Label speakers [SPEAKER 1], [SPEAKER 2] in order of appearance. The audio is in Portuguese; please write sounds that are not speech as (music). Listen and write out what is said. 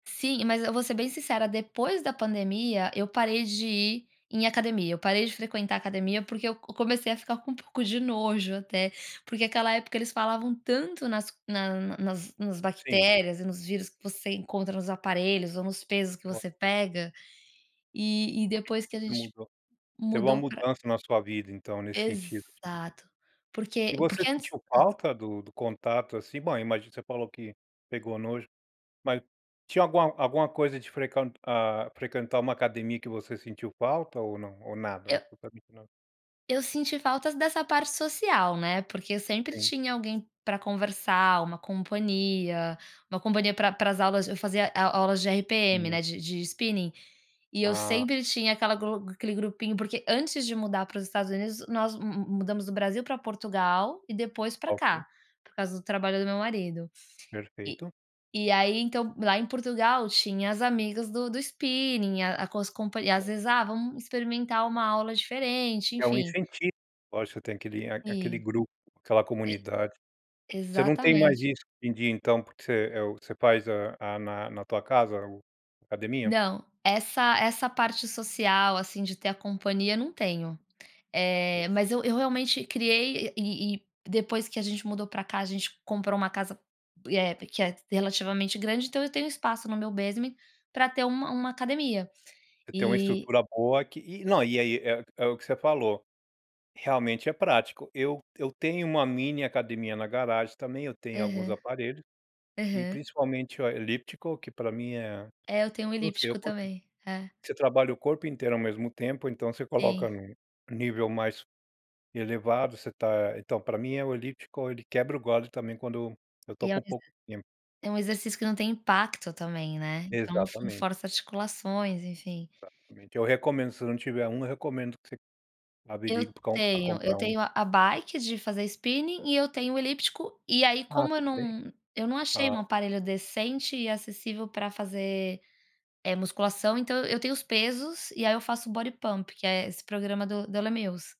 [SPEAKER 1] Sim, mas eu vou ser bem sincera, depois da pandemia eu parei de ir em academia. Eu parei de frequentar a academia porque eu comecei a ficar com um pouco de nojo até, porque aquela época eles falavam tanto nas nas nas nas
[SPEAKER 2] Sim.
[SPEAKER 1] bactérias e nos vírus que você encontra nos aparelhos, ou nos pesos que
[SPEAKER 2] Ok.
[SPEAKER 1] você pega. E e depois que a
[SPEAKER 2] (unintelligible)
[SPEAKER 1] gente
[SPEAKER 2] mudou. Teve uma
[SPEAKER 1] mudou para
[SPEAKER 2] mudança na sua vida, então, nesse sentido, que bom.
[SPEAKER 1] Exato! Porque
[SPEAKER 2] E você
[SPEAKER 1] porque antes
[SPEAKER 2] sentiu
[SPEAKER 1] antes
[SPEAKER 2] falta do do contato, assim? Bom, imagino Você falou que pegou nojo. Mas, tinha alguma alguma coisa de frequent hã frequentar uma academia que você sentiu falta, ou não? Ou nada?.
[SPEAKER 1] Eu
[SPEAKER 2] (unintelligible)
[SPEAKER 1] eu senti falta dessa parte social, né, porque eu sempre
[SPEAKER 2] Sim.
[SPEAKER 1] tinha alguém para conversar. Uma companhia uma companhia pra pra as aulas, eu fazia au aulas de RPM,
[SPEAKER 2] É.
[SPEAKER 1] né, de de spinning. E eu
[SPEAKER 2] Ah.
[SPEAKER 1] sempre tinha aquela glo aquele grupinho, porque antes de mudar para os Estados Unidos, nós mu mu mudamos do Brasil para Portugal, e depois para
[SPEAKER 2] Ah, ok.
[SPEAKER 1] cá, por causa do trabalho do meu marido. E
[SPEAKER 2] Perfeito.
[SPEAKER 1] e aí, então, lá em Portugal, tinha as amigas do do spinning, a às comp às
[SPEAKER 2] Boa.
[SPEAKER 1] vezes: "Ah, vamos experimentar uma aula diferente."
[SPEAKER 2] É um
[SPEAKER 1] Enfim.
[SPEAKER 2] incentivo, lógico. Você tem aquele aquele
[SPEAKER 1] Sim.
[SPEAKER 2] grupo, aquela
[SPEAKER 1] E
[SPEAKER 2] comunidade. Você não tem mais
[SPEAKER 1] Exatamente!
[SPEAKER 2] isso, de de ir então porque você, eh, você faz a a na na tua casa o academia?
[SPEAKER 1] Não, essa essa parte social, assim, de ter a companhia, não tenho.
[SPEAKER 2] (unintelligible)
[SPEAKER 1] Eh, mas eu eu realmente criei, e e depois que a gente mudou para cá, a gente comprou uma casa, eh, que é relativamente grande, então eu tenho espaço no meu basement, para ter uma uma academia.
[SPEAKER 2] Você tem uma
[SPEAKER 1] E
[SPEAKER 2] estrutura boa que E não, e aí é é o que você falou, realmente é prático. Eu eu tenho uma mini academia na garagem, também. Eu tenho alguns
[SPEAKER 1] Aham.
[SPEAKER 2] aparelhos, e
[SPEAKER 1] Aham.
[SPEAKER 2] principalmente o a elíptico que, para mim é.
[SPEAKER 1] É, eu tenho um elíptico,
[SPEAKER 2] (unintelligible)
[SPEAKER 1] também. É.
[SPEAKER 2] Você trabalha o corpo inteiro ao mesmo tempo, então você coloca
[SPEAKER 1] Sim.
[SPEAKER 2] num nível mais elevado, você está Então, pra mim, o elíptico ele quebra o galho também, quando eu tô
[SPEAKER 1] E ao
[SPEAKER 2] com
[SPEAKER 1] mesmo
[SPEAKER 2] pouco tempo.
[SPEAKER 1] É um exercício que não tem impacto, também, né. Então, não não
[SPEAKER 2] Exatamente.
[SPEAKER 1] força articulações, enfim.
[SPEAKER 2] Exatamente, eu recomendo. Se não tiver um, eu recomendo que você
[SPEAKER 1] Eu
[SPEAKER 2] averigue pra comp pra
[SPEAKER 1] tenho. Eu
[SPEAKER 2] comprar um.
[SPEAKER 1] tenho a bike de fazer spinning e eu tenho o elíptico. E aí,
[SPEAKER 2] Ah,
[SPEAKER 1] como eu
[SPEAKER 2] você tem?
[SPEAKER 1] não eu não achei um
[SPEAKER 2] Tá.
[SPEAKER 1] aparelho decente e acessível para fazer, eh, musculação. Então, eu tenho os pesos e aí eu faço o bodypump, que é esse programa do do Les Mills.